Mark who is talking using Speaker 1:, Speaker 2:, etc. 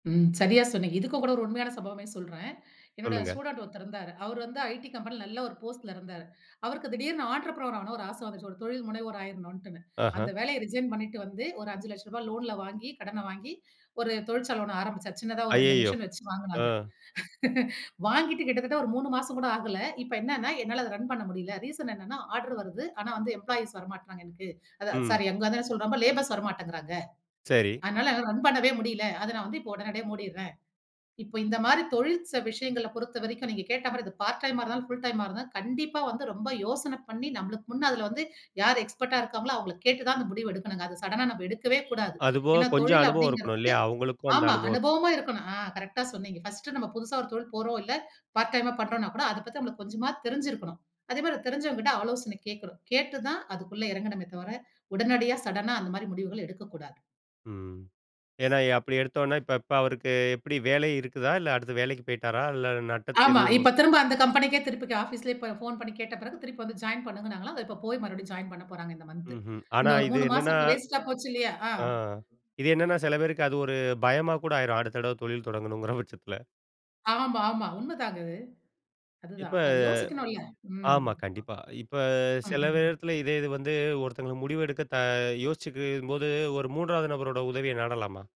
Speaker 1: ம். சரியா சொன்னீங்க. இதுக்கு கூட ஒரு உண்மையான சம்பவமே சொல்றேன், என்னோட
Speaker 2: சொல்லுங்க.
Speaker 1: ஸ்டூடண்ட் ஒருத்தர் இருந்தாரு. அவரு வந்து ஐடி கம்பெனியில நல்ல ஒரு போஸ்ட்ல இருந்தாரு. அவருக்கு திடீர்னு ஆன்டரபன ஆகணும் ஒரு ஆசை வந்துருச்சு ஒரு தொழில முனைவோர் ஆகிடணுன்ட்டுன்னு. அந்த
Speaker 2: ஆஹா!
Speaker 1: வேலையை ரிசைன் பண்ணிட்டு வந்து ஒரு ரூ. 5,00,000 லோன்ல வாங்கி கடன வாங்கி ஒரு தொழிற்சால ஒண்ணு ஆரம்பிச்சாரு சின்னதா ஒரு 2
Speaker 2: அய்யயோ!
Speaker 1: மிஷின் வச்சு
Speaker 2: ஆ.
Speaker 1: வாங்குனாங்க. வாங்கிட்டு கிட்டத்தட்ட ஒரு 3 மாசம் கூட ஆகல. இப்ப என்னனா என்னால அத ரன் பண்ண முடியல்ல. ரீசன் என்னனா ஆர்டர் வருது. ஆனா வந்து எம்ப்ளாயீஸ் வரமாட்டறாங்க எனக்கு. அதான்
Speaker 2: ம்.
Speaker 1: சாரி அங்க வந்து என்ன சொல்றேன் லேபர்ஸ் வரமாட்டேங்கிறாங்க.
Speaker 2: சரி.
Speaker 1: அதனால என்ன ரன் பண்ணவே முடில்ல. அத நான் வந்து இப்ப உடனடியா மூடிறேன். இப்ப இந்த மாரி தொழில் விஷயங்கள பொறுத்தவரைக்கும் நீங்க கேட்ட மாரி இது பார்ட் டைமா இருந்தாலும் ஃபுல டைமா இருந்தாலும் கண்டிப்பா வந்து ரொம்ப யோசன பண்ணி நம்மளுக்கு முன்னே அதில வந்து யார் எக்ஸ்பெர்ட்டா இருக்காங்களோ அவங்கள கேட்டு தான் அந்த முடிவு எடுக்கணும்ங்க. அத சடன்னா நாம் எடுக்கவே கூடாது.
Speaker 2: அது போக
Speaker 1: ஏன்னா
Speaker 2: கொஞ்சம்
Speaker 1: தொழில
Speaker 2: அனுபவம் இருக்கணும்
Speaker 1: அப்டிங்கிறது
Speaker 2: இல்லயா? அவங்களுக்கும் அந்த
Speaker 1: ஆமா.
Speaker 2: அனுபவம் இருக்கணும்.
Speaker 1: அனுபவமா இருக்கணும் ஆ கரெக்ட்டா சொன்னீங்க. பர்ஸ்ட் நம்ம புதுசா ஒரு தொழில் போறோம் இல்ல பார்ட் டைமா பண்ணுறோன்னா கூட அத பத்தி நமக்கு கொஞ்சமாவது தெரிஞ்சு இருக்கணும். அதே மாரி தெரிஞ்சவுங்க கிட்ட ஆலோசன கேட்கணும். கேட்டு தான் அதுகுள்ள இறங்கணுமே தவிர, உடனடியா சடன்னா அந்த மாரி முடிவுகள் எடுக்க கூடாது.
Speaker 2: ம்.
Speaker 1: ஸ்
Speaker 2: ஏன்னா அப்டி எடுத்தோம்னா இப்ப இப்ப அவருக்கு எப்டி வேலை இருக்குதா, இல்ல அடுத்து வேலைக்கு போய்ட்டாரா இல்ல நட்டத்தை
Speaker 1: ஆமா,
Speaker 2: எதுவும்
Speaker 1: இப்ப திரும்ப அந்த கம்பெனிக்கே திரும்ப ஆபீஸ்லயே போன் பண்ணி கேட்ட பிறகு திருப்பி வந்து ஜாயின் பண்ணுங்கனாங்கலாம். அத போய் மறுபடியும் ஜாயின் பண்ண போறாங்க இந்த மந்த்.
Speaker 2: ம்ஹம். ஆனா
Speaker 1: இந்த ஒரு
Speaker 2: இது
Speaker 1: 3
Speaker 2: என்னன்னா
Speaker 1: மாசம் வேஸ்ட்டா போச்சு இல்லயா. ஆ
Speaker 2: ஆ இது என்னென்னா சில பேருக்கு அது ஒரு பயமா கூட ஆயிரும். அடுத்த தடவ தொழில் தொடங்கணும்ங்கிற பட்சத்தில.
Speaker 1: ஆமா, ஆமா உண்ம தான்ங்க அது.
Speaker 2: இப்ப
Speaker 1: அதுதான் அது யோசிக்க வேணும்ல ம்.
Speaker 2: ஆமா, கண்டிப்பா. இப்ப
Speaker 1: ம்,
Speaker 2: சில
Speaker 1: ம்.
Speaker 2: நேரத்துல இதே இது வந்து ஒருத்தவங்களுக்கு முடிவு எடுக்க த யோசிச்சிக்க போது ஒரு 3வது நபரோட உதவிய நாடலாமா?